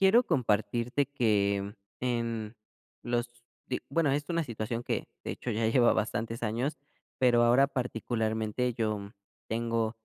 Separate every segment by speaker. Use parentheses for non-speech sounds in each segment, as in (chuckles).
Speaker 1: Quiero compartirte que, en los de bueno, es una situación que, de hecho, ya lleva bastantes años, pero ahora particularmente yo tengo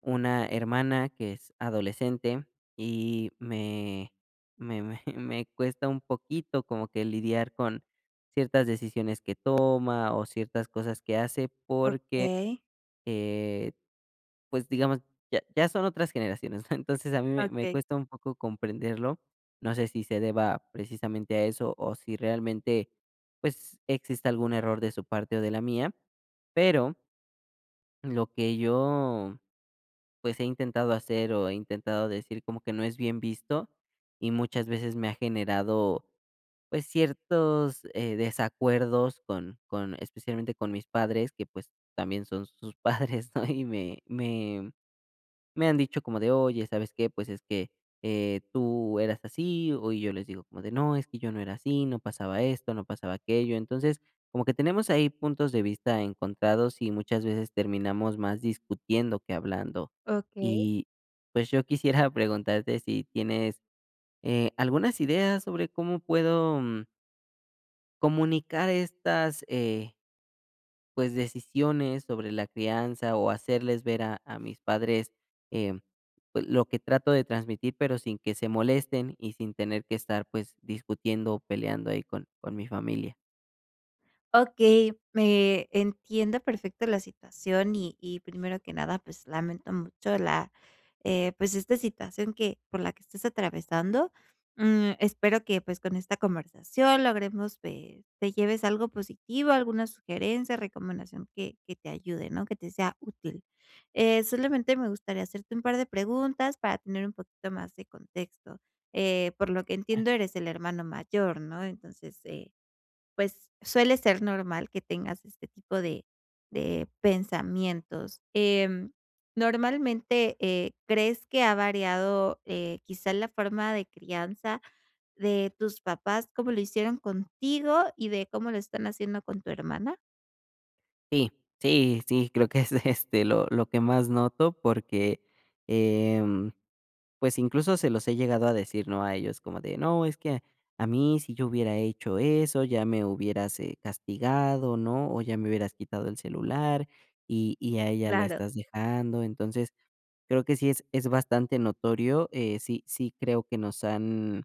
Speaker 1: una hermana que es adolescente y me me me me cuesta un poquito como que lidiar con ciertas decisiones que toma o ciertas cosas que hace, porque,
Speaker 2: Okey.
Speaker 1: eh, pues, digamos, ya ya son otras generaciones, ¿no? Entonces a mí me me
Speaker 2: Okey.
Speaker 1: cuesta un poco comprenderlo. No sé si se deba precisamente a eso o si realmente, pues, exista algún error de su parte o de la mía, pero lo que yo, pues, he intentado hacer o he intentado decir como que no es bien visto, y muchas veces me ha generado, pues ciertos eh, desacuerdos con con especialmente con mis padres que, pues, también son sus padres, ¿no? Y me me me han dicho como de: "Oye, ¿sabes qué? Pues es que, eh, tú eras así", o y yo les digo como de: "No, es que yo no era así, no pasaba esto, no pasaba aquello". Entonces, como que tenemos ahí puntos de vista encontrados y muchas veces terminamos más discutiendo que hablando.
Speaker 2: Okey.
Speaker 1: Y, pues, yo quisiera preguntarte si tienes, eh, algunas ideas sobre cómo puedo, mm comunicar estas eh pues, decisiones sobre la crianza o hacerles ver a a mis padres, eh, pues, lo que trato de transmitir, pero sin que se molesten y sin tener que estar, pues, discutiendo o peleando ahí con con mi familia.
Speaker 2: Okey, me entiendo perfecto la situación. Y y primero que nada, pues, lamento mucho la, eh, pues, esta situación que por la que estás atravesando. Mm, espero que, pues, con esta conversación logremos, pues, te lleves algo positivo, alguna sugerencia, recomendación que que te ayude, ¿no? Que te sea útil. Eh, solamente me gustaría hacerte un par de preguntas para tener un poquito más de contexto. Eh, por lo que entiendo, eres el hermano mayor, ¿no? Entonces, eh, pues suele ser normal que tengas este tipo de de pensamientos. Em, normalmente, eh, ¿crees que ha variado, eh, quizás la forma de crianza de tus papás, cómo lo hicieron contigo y de cómo lo están haciendo con tu hermana?
Speaker 1: Sí, sí, sí, creo que es, este, lo lo que más noto porque, em, pues, incluso, se los he llegado a decir, ¿no? A ellos, como de: "No, es que a mí si yo hubiera hecho eso, ya me hubieras, eh, castigado, ¿no? O ya me hubieras quitado el celular, y y a ella la
Speaker 2: Claro.
Speaker 1: estás dejando". Entonces, creo que sí es es bastante notorio. Eh, sí, sí creo que nos han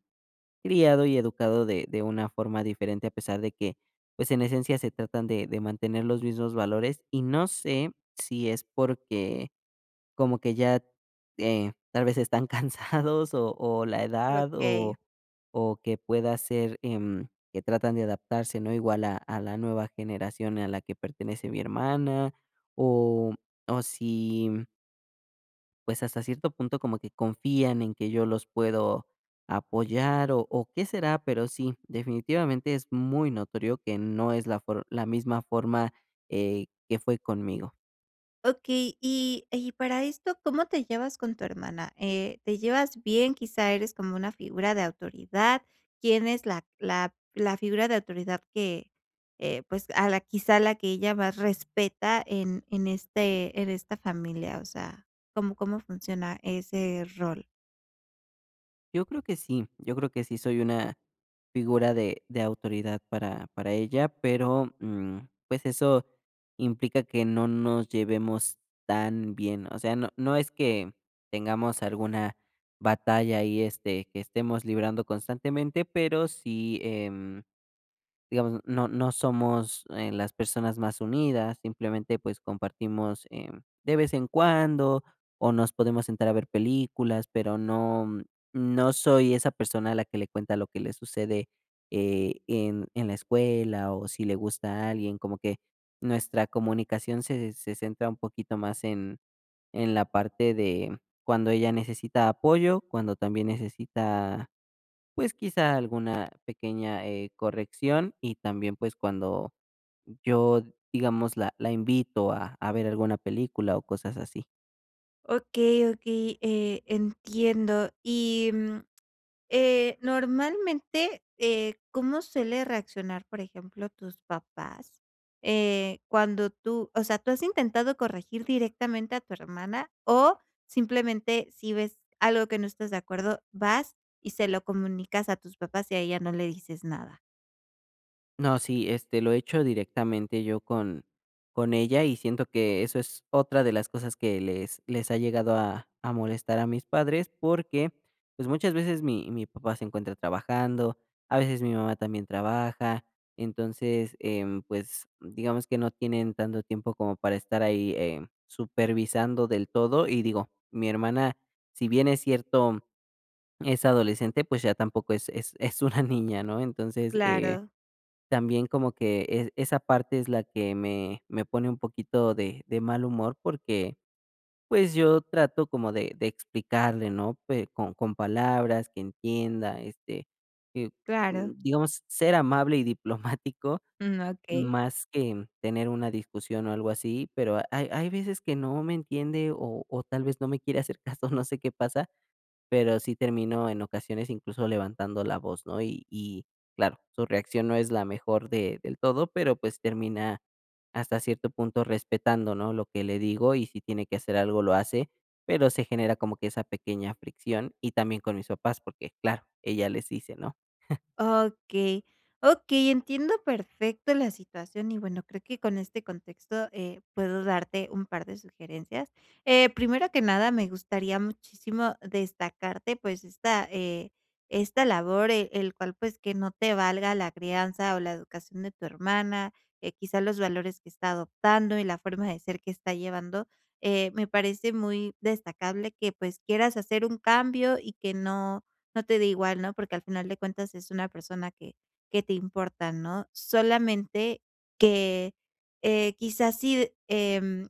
Speaker 1: criado y educado de de una forma diferente, a pesar de que, pues, en esencia se tratan de de mantener los mismos valores. Y, no sé, si es porque como que ya, eh, tal vez están cansados o o, la edad,
Speaker 2: Okey.
Speaker 1: o o que pueda ser, em, que tratan de adaptarse, ¿no? Igual a a la nueva generación y a la que pertenece mi hermana, o o si, mm pues, hasta cierto punto como que confían en que yo los puedo apoyar, o o, ¿qué será?, pero sí, definitivamente es muy notorio que no es la for la misma forma, eh, que fue conmigo.
Speaker 2: Okey, y y para esto, ¿cómo te llevas con tu hermana? Eh, ¿te llevas bien? ¿Quizá eres como una figura de autoridad? ¿Quién es la la la figura de autoridad que, eh, pues, a la quizá a la que ella más respeta en en este en esta familia? O sea, ¿cómo cómo funciona ese rol?
Speaker 1: Yo creo que sí, yo creo que sí soy una figura de de autoridad para para ella, pero, mm, pues eso implica que no nos llevemos tan bien. O sea, no no es que tengamos alguna batalla ahí, este, que estemos librando constantemente, pero sí, em digamos, no no somos, eh, las personas más unidas. Simplemente, pues compartimos, eh, de vez en cuando, o nos podemos sentar a ver películas, pero no no soy esa persona a la que le cuenta lo que le sucede, eh, en en la escuela, o si le gusta alguien. Como que nuestra comunicación se se centra un poquito más en en la parte de cuando ella necesita apoyo, cuando también necesita, pues quizá alguna pequeña, eh, corrección, y también, pues cuando yo, digamos, la la invito a a ver alguna película o cosas así.
Speaker 2: Okey, okey, eh, entiendo. Y, mm, eh, normalmente, eh, ¿cómo suele reaccionar, por ejemplo, tus papás? Eh, cuando tú o sea, ¿tú has intentado corregir directamente a tu hermana o, simplemente, si ves algo que no estás de acuerdo, vas y se lo comunicas a tus papás y a ella no le dices nada?
Speaker 1: No, sí, este, lo he hecho directamente yo con con ella, y siento que eso es otra de las cosas que les les ha llegado a a molestar a mis padres, porque, pues, muchas veces mi mi papá se encuentra trabajando, a veces mi mamá también trabaja. Entonces, em, pues, digamos que no tienen tanto tiempo como para estar ahí, eh, supervisando del todo y, digo, mi hermana, si bien es cierto, es adolescente, pues, ya tampoco es es es una niña, ¿no? Entonces, eh,
Speaker 2: Claro.
Speaker 1: también como que es esa parte es la que me me pone un poquito de de mal humor, porque, pues, yo trato como de de explicarle, ¿no?, pue con con palabras, que entienda, este, que,
Speaker 2: Claro.
Speaker 1: digamos, ser amable y diplomático,
Speaker 2: Mm, okey.
Speaker 1: más que tener una discusión o algo así. Pero hay hay veces que no me entiende o o tal vez no me quiere hacer caso, no sé qué pasa, pero sí termino, en ocasiones, incluso levantando la voz, ¿no? Y y claro, su reacción no es la mejor de del todo, pero pues termina, hasta cierto punto, respetando, ¿no?, lo que le digo, y si tiene que hacer algo lo hace, Pero se genera como que esa pequeña fricción, y también con mis papás, porque, claro, ella les dice, ¿no? (chuckles)
Speaker 2: Okey, okey, entiendo perfecto la situación. Y bueno, creo que con este contexto, eh, puedo darte un par de sugerencias. Eh, primero que nada, me gustaría muchísimo destacarte, pues, esta, eh, esta labor, eh, el cual, pues, que no te valga la crianza o la educación de tu hermana, que quizás los valores que está adoptando y la forma de ser que está llevando. Eh, me parece muy destacable que, pues, quieras hacer un cambio y que no, no te dé igual, ¿no? Porque al final de cuentas es una persona que que te importa, ¿no? Solamente que, eh, quizás sí, em,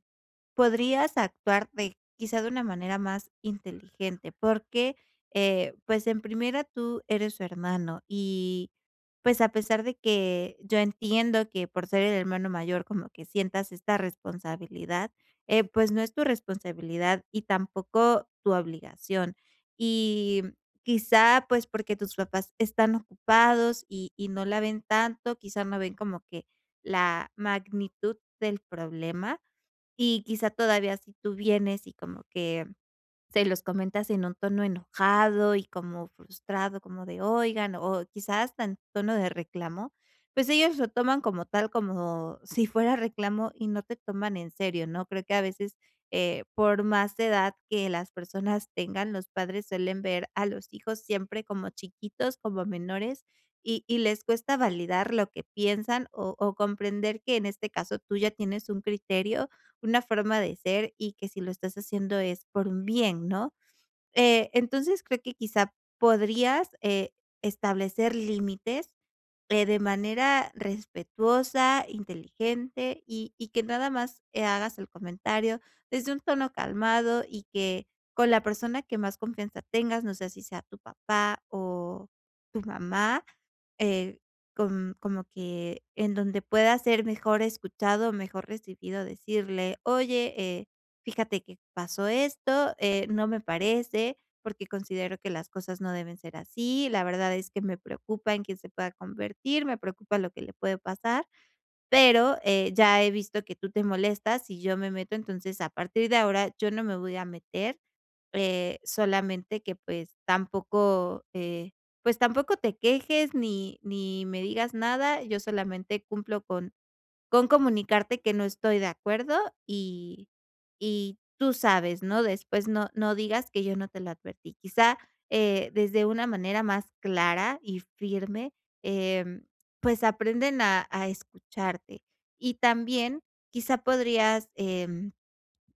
Speaker 2: podrías actuar de quizá de una manera más inteligente, porque, eh, pues, en primera tú eres su hermano y, pues, a pesar de que yo entiendo que por ser el hermano mayor, como que sientas esta responsabilidad, eh, pues, no es tu responsabilidad y tampoco tu obligación. Y quizá, pues, porque tus papás están ocupados y y no la ven tanto, quizá no ven como que la magnitud del problema, y quizá todavía si tú vienes y como que se los comentas en un tono enojado, y como frustrado, como de: "Oigan", o quizás tan tono de reclamo, pues, ellos lo toman como tal, como si fuera reclamo y no te toman en serio, ¿no? Creo que a veces, eh, por más edad que las personas tengan, los padres suelen ver a los hijos siempre como chiquitos, como menores y y les cuesta validar lo que piensan o o comprender que, en este caso, tú ya tienes un criterio, una forma de ser y que si lo estás haciendo es por un bien, ¿no? Eh, entonces creo que quizá podrías, eh, establecer límites, eh, de manera respetuosa, inteligente, y y que nada más, eh, hagas el comentario desde un tono calmado, y que con la persona que más confianza tengas, no sé si sea tu papá o tu mamá, eh, com como que en donde pueda ser mejor escuchado, mejor recibido, decirle: "Oye, eh, fíjate que pasó esto, eh, no me parece, porque considero que las cosas no deben ser así. La verdad es que me preocupa en que se pueda convertir, me preocupa lo que le puede pasar. Pero, eh, ya he visto que tú te molestas si yo me meto. Entonces, a partir de ahora yo no me voy a meter, eh, solamente que, pues, tampoco, eh, pues, tampoco te quejes ni ni me digas nada, yo solamente cumplo con con comunicarte que no estoy de acuerdo y y tú sabes, ¿no? Después no no digas que yo no te lo advertí". Quizá, eh, desde una manera más clara y firme, em, pues, aprenden a a escucharte, y también quizá podrías, em,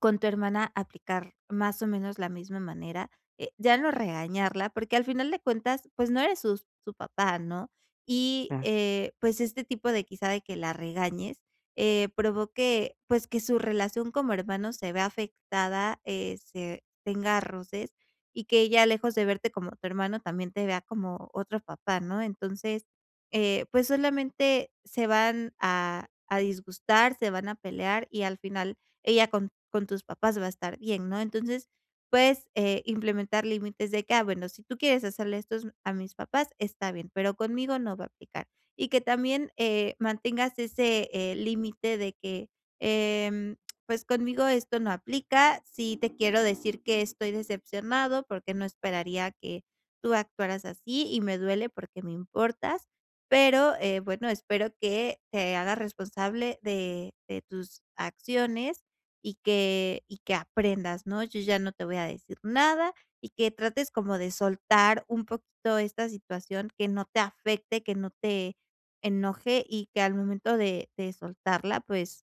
Speaker 2: con tu hermana aplicar más o menos la misma manera. Eh, ya no regañarla, porque al final de cuentas, pues, no eres sus su papá, ¿no? Y,
Speaker 1: Ah.
Speaker 2: eh, pues, este tipo de quizá de que la regañes, eh, provoque, pues, que su relación como hermano se vea afectada, eh, se tenga roces, y que ella lejos de verte como tu hermano, también te vea como otro papá, ¿no? Entonces, eh, pues, solamente se van a a disgustar, se van a pelear, y al final ella con con tus papás va a estar bien, ¿no? Entonces, puedes, eh, implementar límites de que: "Ah, bueno, si tú quieres hacerle estos a mis papás, está bien, pero conmigo no va a aplicar". Y que también, eh, mantengas ese, eh, límite de que, em, pues: "Conmigo esto no aplica, sí te quiero decir que estoy decepcionado porque no esperaría que tú actuaras así y me duele porque me importas. Pero, eh, bueno, espero que te hagas responsable de de tus acciones y que y que aprendas ¿no? Yo ya no te voy a decir nada". Y que trates como de soltar un poquito esta situación, que no te afecte, que no te enoje y que al momento de de soltarla, pues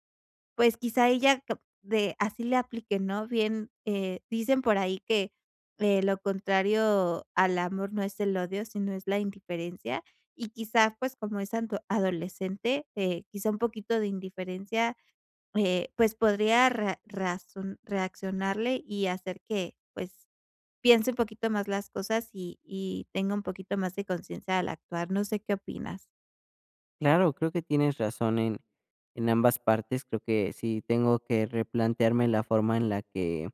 Speaker 2: pues, quizá ella cap de así le aplique ¿no? Bien, eh, dicen por ahí que, eh: "Lo contrario al amor no es el odio, sino es la indiferencia". Y quizá, pues, como es anto adolescente, quizá un poquito de indiferencia, eh, pues, podría ra razon reaccionarle y hacer que, pues, piense un poquito más las cosas, y y tenga un poquito más de conciencia al actuar. No sé, ¿qué opinas?
Speaker 1: Claro, creo que tienes razón en en ambas partes, creo que sí tengo que replantearme la forma en la que,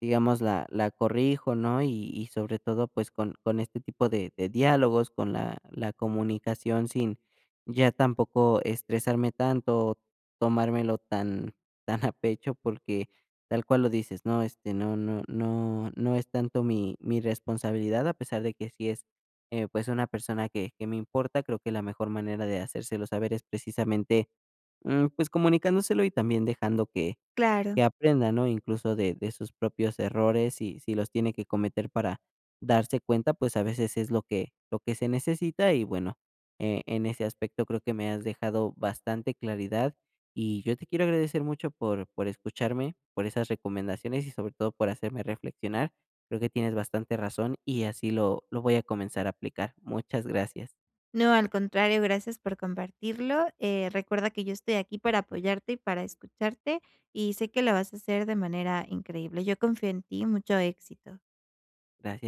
Speaker 1: digamos, la la corrijo, ¿no? Y y sobre todo, pues, con con este tipo de de diálogos, con la la comunicación sin ya tampoco estresarme tanto, tomármelo tan tan a pecho, porque tal cual lo dices, ¿no? Este, no no no no es tanto mi mi responsabilidad, a pesar de que si es, eh, pues, una persona que que me importa, creo que la mejor manera de hacérselo saber es, precisamente, em, pues, comunicándoselo, y también dejando que
Speaker 2: Claro.
Speaker 1: que aprenda ¿no? Incluso de de sus propios errores, y si los tiene que cometer para darse cuenta, pues, a veces es lo que lo que se necesita y, bueno, e en ese aspecto creo que me has dejado bastante claridad, y yo te quiero agradecer mucho por por escucharme, por esas recomendaciones y, sobre todo, por hacerme reflexionar. Creo que tienes bastante razón, y así lo lo voy a comenzar a aplicar. Muchas gracias.
Speaker 2: No, al contrario, gracias por compartirlo. Eh, recuerda que yo estoy aquí para apoyarte y para escucharte, y sé que lo vas a hacer de manera increíble. Yo confío en ti, mucho éxito.
Speaker 1: Gracias.